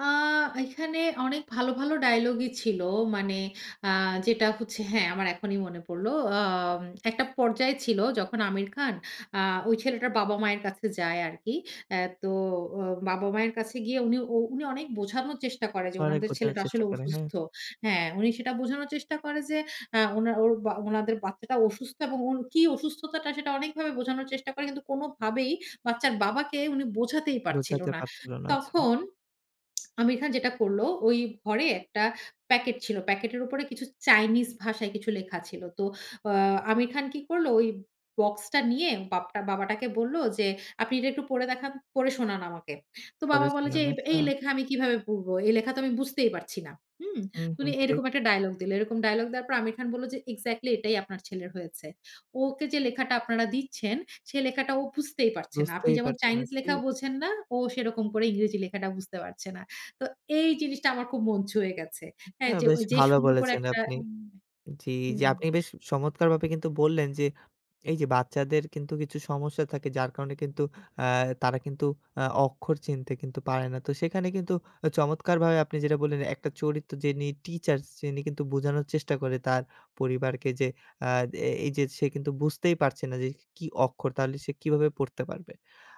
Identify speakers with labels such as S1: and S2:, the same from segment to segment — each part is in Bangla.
S1: আ এখানে অনেক ভালো, ভালো ডায়ালগই ছিল। মানে আ যেটা হচ্ছে হ্যাঁ, আমার এখনই মনে পড়ল। আম একটা পর্যায়ে ছিল, যখন 'আমির খান' আ ওই ছেলেটার বাবা-মায়ের কাছে যায় আরকি। আ তো আ বাবা-মায়ের কাছে গিয়ে উনি, ও উনি অনেক বোঝানোর চেষ্টা করে, যে
S2: অনেক
S1: উনাদের
S2: বোঝানোর
S1: ছেলেটা
S2: চেষ্টা
S1: আসলে
S2: করলেন। হ্যাঁ।
S1: অসুস্থ হ্যাঁ, উনি সেটা বোঝানোর চেষ্টা করে, যে আ ওনা ওর বা ওনাদের বাচ্চাটা অসুস্থ এবং ওর কি অসুস্থতাটা? সেটা অনেকভাবে বোঝানোর চেষ্টা করে, কিন্তু কোনভাবেই বাচ্চার বাবাকে উনি বোঝাতেই পারছিল
S2: বোঝাতে
S1: না।
S2: পারছিল না। আচ্ছা।
S1: তখন আমির খান যেটা করল, ওই ঘরে একটা প্যাকেট ছিল। প্যাকেটের উপরে কিছু চাইনিজ ভাষায় কিছু লেখা ছিল। তো আ 'আমির খান' কি করল? ঐ বক্সটা নিয়ে বাপটা বাবাটাকে বলল, যে "আপনি এটা একটু পড়ে দেখান, পড়ে শোনান আমাকে।" তো বাবা
S2: পড়ে
S1: বলল যে,
S2: শোনান।
S1: "এব
S2: আচ্ছা।
S1: এই লেখা আমি কিভাবে পড়ব। এই লেখা তো আমি বুঝতেই পারছি না।" হুম?
S2: হুম,
S1: উনি
S2: হুম। ঠিক।
S1: এরকম একটা ডায়ালগ দিলো। এরকম ডায়ালগ দেওয়ার পর আমির খান বলল, যে "এক্সাক্টলি! এটাই আপনার ছেলের হয়েছে। ওকে যে লেখাটা আপনারা দিচ্ছেন, সে লেখাটা ও বুঝতেই পারছে না। আপনি
S2: বুঝতেই
S1: যেমন
S2: পারছে না।
S1: চাইনিজ লেখা
S2: ঠিক।
S1: বোঝেন না, ও সেরকম করে ইংরেজি লেখাটা বুঝতে পারছে না।" তো এই জিনিসটা আমার খুব মন ছুয়ে গেছে।
S2: এটা
S1: হ্যাঁ, যে
S2: বেশ
S1: ঐযে
S2: ভালো
S1: সুন্দর করে
S2: বলেছেন
S1: একটা
S2: আপনি
S1: উম
S2: জ্বি, এইযে
S1: হুম।
S2: আপনি বেশ চমৎকারভাবে কিন্তু বললেন, যে এই যে বাচ্চাদের কিন্তু কিছু সমস্যা থাকে, যার কারণে কিন্তু আ তারা কিন্তু আ অক্ষর চিনতে কিন্তু পারে না। তো সেখানে কিন্তু চমৎকারভাবে আপনি যেটা বললেন, একটা চরিত্র যিনি টিচার্স যিনি, কিন্তু বোঝানোর চেষ্টা করে, তার পরিবারকে যে আ এ এই যে সে কিন্তু বুঝতেই পারছে না, যে কি অক্ষর? তাহলে সে কিভাবে পড়তে পারবে।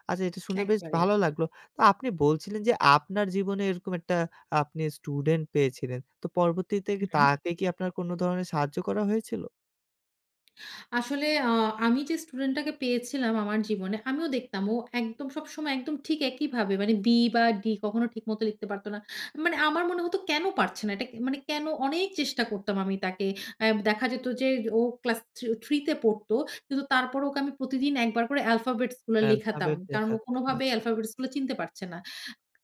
S2: আচ্ছা, এটা শুনে বেশ
S1: একেবারে।
S2: ভালো লাগলো। তো আপনি বলছিলেন, যে আপনার জীবনে এরকম একটা আপনি স্টুডেন্ট পেয়েছিলেন। তো পরবর্তীতে
S1: হুম।
S2: তাকে কি আপনার কোন ধরনের সাহায্য করা হয়েছিল?
S1: আসলে আ আমি যে স্টুডেন্ট টাকে পেয়েছিলাম, আমার জীবনে আমিও দেখতাম। ও একদম, সবসময় একদম ঠিক একইভাবে মানে B বা D কখনো ঠিক মত লিখতে পারত না। মানে আমার মনে হতো "কেন পারছে না? এটা কে মানে কেন?" অনেক চেষ্টা করতাম আমি তাকে আ দেখা যেত যে ও ক্লাস থিউ 3 তে পড়ত। কিন্তু তারপরে ওকে আমি প্রতিদিন ১ বার করে আলফাবেটস গুলা লেখাতাম।
S2: অ্যালফাবেট
S1: কারণ ও
S2: দেখাতেন।
S1: কোনভাবেই
S2: আচ্ছা, আচ্ছা।
S1: আলফাবেটস গুলো চিনতে পারছে না।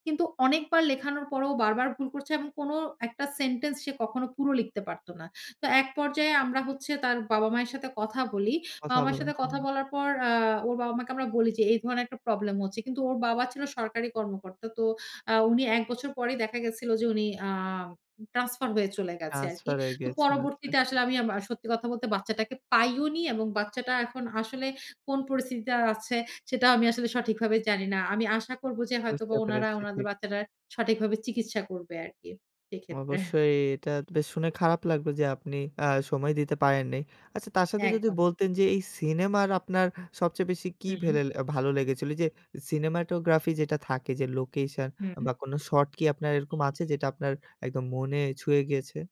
S1: কিন্তু অনেকবার লেখানোর পর ও বারবার ভুল করছে, এবং কোন ১ টা সেন্টেন্স, সে কখনো পুরো লিখতে পারত না। তো এক পর্যায়ে আমরা হচ্ছে, তার বাবা-মায়ের সাথে কথা বলি।
S2: কথা
S1: বাবা-মায়ের
S2: বলেন।
S1: সাথে কথা
S2: হুম।
S1: বলার পর, আ ওর বাবা-মাকে আমরা বলি যে, এই ধরনের একটা প্রবলেম হচ্ছে। কিন্তু ওর বাবা ছিল সরকারি কর্মকর্তা। তো আ উনি ১ বছর পরেই দেখা গেছিল যে, উনি আ ট্রান্সফার হয়ে চলে গেছে আরকি।
S2: ট্রান্সফার হয়ে
S1: তো
S2: গিয়েছেন। আচ্ছা।
S1: পরবর্তীতে আসলে আমা সত্যি কথা বলতে, বাচ্চাটাকে পাইওনি, এবং বাচ্চাটা এখন আসলে কোন পরিস্থিতিতে আছে? সেটা আমি আসলে সঠিকভাবে জানি না। আমি আশা করব যে, হয়তোবা
S2: বুঝতে
S1: উনারা
S2: পেরেছি।
S1: উনাদের
S2: ঠিক।
S1: বাচ্চাটা সঠিকভাবে চিকিৎসা করবে আরকি। সেক্ষেত্রে।
S2: অবশ্যই, এটা বেশ শুনে খারাপ লাগলো যে, আপনি আ সময় দিতে পারেন নাই। আচ্ছা তার সাথে যদি
S1: একদম।
S2: বলতেন যে, এই সিনেমার আপনার সবচেয়ে বেশি কি
S1: হুম।
S2: ভেলেল আ ভালো লেগেছিল? যে, সিনেমাটোগ্রাফি যেটা থাকে, যে লোকেশন
S1: হুম।
S2: বা কোন শট কি আপনার এরকম আছে, যেটা আপনার একদম মনে ছুঁয়ে গিয়েছে?